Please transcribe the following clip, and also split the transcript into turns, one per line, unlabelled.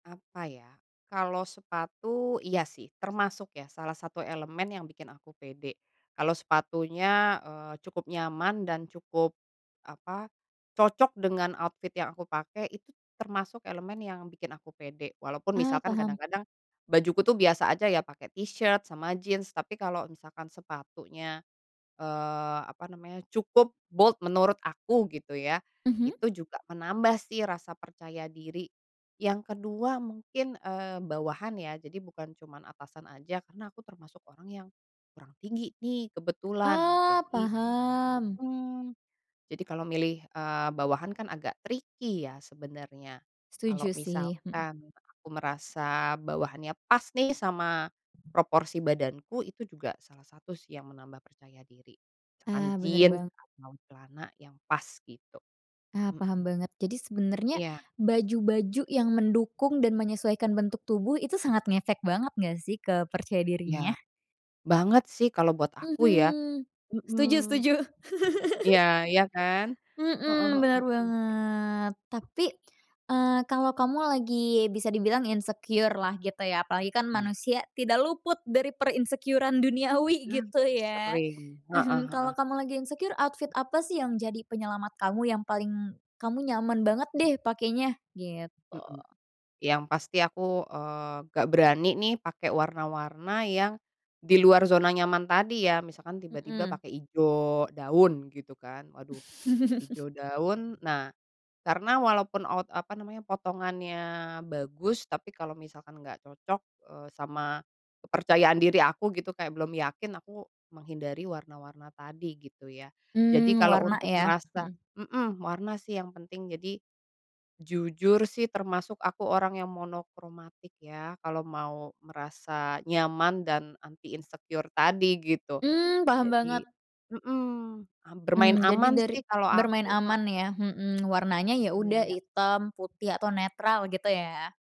Apa, ya? Kalau sepatu? Iya, sih, termasuk, ya, salah satu elemen yang bikin aku pede. Kalau sepatunya, eee, cukup nyaman, dan cukup, apa, cocok dengan outfit yang aku pakai, itu termasuk elemen yang bikin aku pede. Walaupun
Ah,
misalkan
paham.
kadang-kadang bajuku tuh biasa aja ya, pakai t-shirts sama jeans, tapi kalau misalkan sepatunya, eee, apa namanya, cukup bold, menurut aku, gitu ya,
Mhm.
itu juga menambah sih rasa percaya diri. Yang kedua mungkin, eee, bawahan ya. Jadi, bukan cuma atasan aja, karena aku termasuk orang yang kurang tinggi nih kebetulan.
Oh,
Jadi
paham.
mhm. Jadi, kalau milih, eee, bawahan kan agak tricky ya sebenarnya. Kalau
Setuju sih, mhm.
misalkan aku merasa bawahannya pas nih sama proporsi badanku, itu juga salah satu sih yang menambah percaya diri. Misalkan
Ah, bener
jeans,
bang
atau celana yang pas, gitu.
Ah, paham
Mhm.
banget. Jadi, sebenernya
Iya.
baju-baju yang mendukung dan menyesuaikan bentuk tubuh, itu sangat ngefek banget nggak sih ke percaya dirinya?
Ya. Banget sih kalau buat aku ya.
Mhm.
Mhm.
Setuju setuju.
Iya, ya, kan? Heeh
Mhm.
heeh
Bener
heeh.
banget. Tapi, eee, kalo kamu lagi bisa dibilang insecure-lah gitu, ya, apalagi kan
Iya.
manusia tidak luput dari per-insecure-an duniawi,
Nah,
gitu, ya?
sering. Heeh heeh heeh.
Kalo kamu lagi insecure, outfit apa sih yang jadi penyelamat kamu? Yang paling kamu nyaman banget deh pakainya? Gitu.
Mhm. Yang pasti aku, eee, nggak berani nih pakai warna-warna yang di luar zona nyaman tadi, ya. Misalkan tiba-tiba
Mhm.
pakai hijau daun gitu kan, waduh, hijau daun. Nah, karena walaupun out apa namanya, potongannya bagus, tapi kalau misalkan nggak cocok, eee, sama kepercayaan diri aku gitu kayak belum yakin, aku menghindari warna-warna tadi, gitu, ya. Jadi,
Mmm,
kalau
warna,
untuk
ya?
merasa
Mhm.
mmm, warna sih yang penting. Jadi, jujur sih, termasuk aku orang yang monokromatik ya, kalau mau merasa nyaman dan anti insecure tadi, gitu.
Mmm, paham
Jadi
banget.
mhm, am bermain
Mmm, jadi
aman
dari
sih kalau
bermain
aku ha
aman, ya? Mhm, warnanya ya
Iya
udah
iya.
hitam, putih, atau netral, gitu, ya?